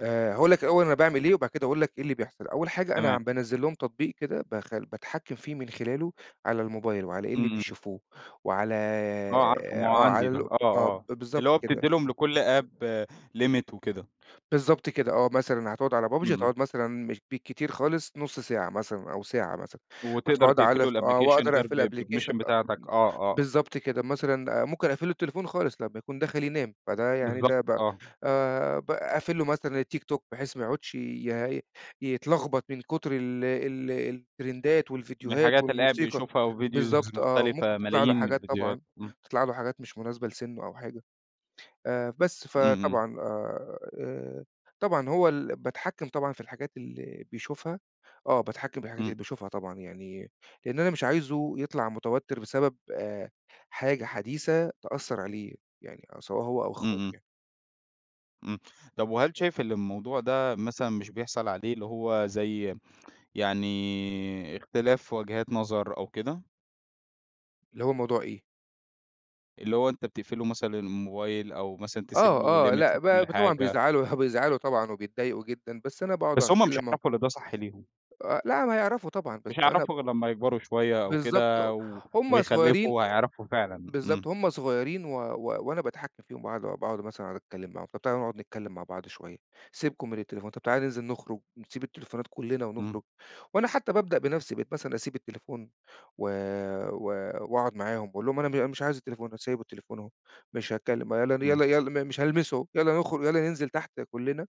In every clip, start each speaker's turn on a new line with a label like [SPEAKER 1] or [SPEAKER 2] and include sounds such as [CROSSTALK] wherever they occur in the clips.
[SPEAKER 1] آآ، هاقول لك الأول أنا باعمل إيه وبعد كده هاقول لك إيه اللي بيحصل. أول حاجة أنا
[SPEAKER 2] تمام.
[SPEAKER 1] بانزل لهم تطبيق كده بخ بتحكم فيه من خلاله على الموبايل وعلى إيه اللي
[SPEAKER 2] إمم.
[SPEAKER 1] بيشوفوه، وعلى
[SPEAKER 2] آه، عارفه ما هو
[SPEAKER 1] آه، على
[SPEAKER 2] عندي ده.
[SPEAKER 1] ال
[SPEAKER 2] آه،
[SPEAKER 1] آه، ب
[SPEAKER 2] آه، اللي
[SPEAKER 1] بالضبط
[SPEAKER 2] هو
[SPEAKER 1] كده.
[SPEAKER 2] بتدي لهم لكل app limit وكده.
[SPEAKER 1] بالضبط كده، آه، مثلًا هتقعد على PUBG؟
[SPEAKER 2] إمم، إمم.
[SPEAKER 1] هتقعد مثلًا مش بكتير خالص نص ساعة مثلًا أو ساعة مثلًا،
[SPEAKER 2] وتقدر
[SPEAKER 1] هتقعد
[SPEAKER 2] تقفل
[SPEAKER 1] على
[SPEAKER 2] له
[SPEAKER 1] ف آه،
[SPEAKER 2] الأبلكيشن
[SPEAKER 1] وأقدر
[SPEAKER 2] غير
[SPEAKER 1] أقفل الأبلكيشن
[SPEAKER 2] بpermission
[SPEAKER 1] أ أم
[SPEAKER 2] بتاعتك. آه، آه.
[SPEAKER 1] بالضبط كده. مثلًا ممكن أقفل له التليفون خالص، لمّا يكون داخل ينام. فده يعني ده
[SPEAKER 2] بالضبط،
[SPEAKER 1] بقى
[SPEAKER 2] آه.
[SPEAKER 1] آآ، باقفل له مثلًا التيك توك، بحيث ما يقعدش ي يتلغبط من كتر ال ال الترندات
[SPEAKER 2] من
[SPEAKER 1] والفيديوهات
[SPEAKER 2] الحاجات اللي قاعد
[SPEAKER 1] والموسيقى،
[SPEAKER 2] بيشوفها وفيديوز
[SPEAKER 1] بالضبط آه، وممكن
[SPEAKER 2] مختلفة،
[SPEAKER 1] تطلع له
[SPEAKER 2] ملايين من
[SPEAKER 1] حاجات
[SPEAKER 2] الفيديوهات
[SPEAKER 1] طبعًا،
[SPEAKER 2] إمم.
[SPEAKER 1] تطلع له حاجات مش مناسبة لسنه أو حاجة. آآ، بس،
[SPEAKER 2] إمم، إمم.
[SPEAKER 1] فطبعًا آآ، آآ، طبعًا هو ال باتحكم طبعًا في الحاجات اللي بيشوفها. آه، باتحكم بالحاجات
[SPEAKER 2] إمم.
[SPEAKER 1] اللي بيشوفها طبعًا يعني لأن أنا مش عايزه يطلع متوتر بسبب آآ، حاجة حديثة تأثر عليه، يعني آآ، سواء هو أو
[SPEAKER 2] إمم،
[SPEAKER 1] أخواته
[SPEAKER 2] إمم.
[SPEAKER 1] يعني.
[SPEAKER 2] إمم. طب، وهل شايف إن الموضوع ده مثلًا مش بيحصل عليه اللي هو زي يعني اختلاف وجهات نظر أو كده؟
[SPEAKER 1] اللي هو موضوع إيه؟
[SPEAKER 2] اللي هو أنت بتقفل له مثلًا الموبايل أو مثلًا تسيب له
[SPEAKER 1] آه، آه.
[SPEAKER 2] limit
[SPEAKER 1] لأ،
[SPEAKER 2] لكل
[SPEAKER 1] ب طبعًا
[SPEAKER 2] حاجة.
[SPEAKER 1] بيزعلوا [CHUCKLES] بيزعلوا طبعًا وبيتضايقوا جدًا، بس أنا باقعد
[SPEAKER 2] بس هُم مش
[SPEAKER 1] أتكلم معا
[SPEAKER 2] هيعرفوا إن ده صح ليهم.
[SPEAKER 1] آآ، لأ، ما يعرفوا طبعًا بس
[SPEAKER 2] مش
[SPEAKER 1] أنا
[SPEAKER 2] هيعرفوا غير لمّا يكبروا شوية أو
[SPEAKER 1] بالضبط،
[SPEAKER 2] كده و
[SPEAKER 1] هُم صغيرين
[SPEAKER 2] ويخلفوا وهيعرفوا فعلًا.
[SPEAKER 1] بالضبط،
[SPEAKER 2] إمم.
[SPEAKER 1] هُم صغيرين و و وأنا باتحكم فيهم باقعد باقعد مثلًا أتكلم معاهم، طب، تعالوا نقعد نتكلم مع بعض شوية، سيبكم من التليفون، طب، تعالوا ننزل نخرج، نسيب التليفونات كلنا ونخرج،
[SPEAKER 2] إمم.
[SPEAKER 1] وأنا حتى بابدأ بنفسي. بقيت مثلًا أسيب التليفون و و وأقعد معاهم وأقول لهم: "أنا م أنا مش عايز التليفون، أنا سايب التليفون اهو، مش هتكلم. يالّا ن يالّا
[SPEAKER 2] إمم.
[SPEAKER 1] يالّا م مش هالمسه، يالّا نخرج، يالّا ننزل تحت كلنا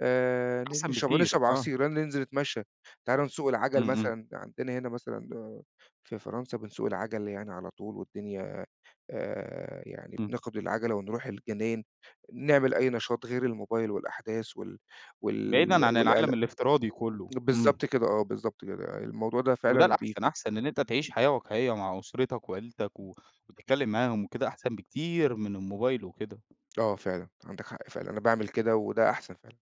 [SPEAKER 1] آآ، ن
[SPEAKER 2] أحسن
[SPEAKER 1] نش
[SPEAKER 2] بكتير،
[SPEAKER 1] ونشرب
[SPEAKER 2] آه.
[SPEAKER 1] عصير، يالّا ننزل نتمشى. تعالوا نسوق
[SPEAKER 2] إمم،
[SPEAKER 1] العجل
[SPEAKER 2] إمم.
[SPEAKER 1] مثلًا." عندنا هنا مثلًا في فرنسا بنسوق العجل يعني على طول والدنيا آآ، يعني
[SPEAKER 2] إمم.
[SPEAKER 1] بناخد العجلة ونروح الجنا ين نعمل أي نشاط غير الموبايل والأحداث وال وال
[SPEAKER 2] بعيدًا عن
[SPEAKER 1] والقلق.
[SPEAKER 2] العالم الافتراضي كله.
[SPEAKER 1] بالضبط
[SPEAKER 2] إمم.
[SPEAKER 1] كده آه، بالضبط كده. الموضوع ده
[SPEAKER 2] وده
[SPEAKER 1] فعلًا
[SPEAKER 2] الأحسن،
[SPEAKER 1] بيفيد.
[SPEAKER 2] أحسن إن أنت تعيش حياة واقعية مع أسرتك وعيلتك
[SPEAKER 1] [UNINTELLIGIBLE]
[SPEAKER 2] و وتتكلم معاهم وكده أحسن بكتير من الموبايل وكده.
[SPEAKER 1] آه فعلًا، عندك حق فعلًا، أنا باعمل كده وده أحسن فعلًا.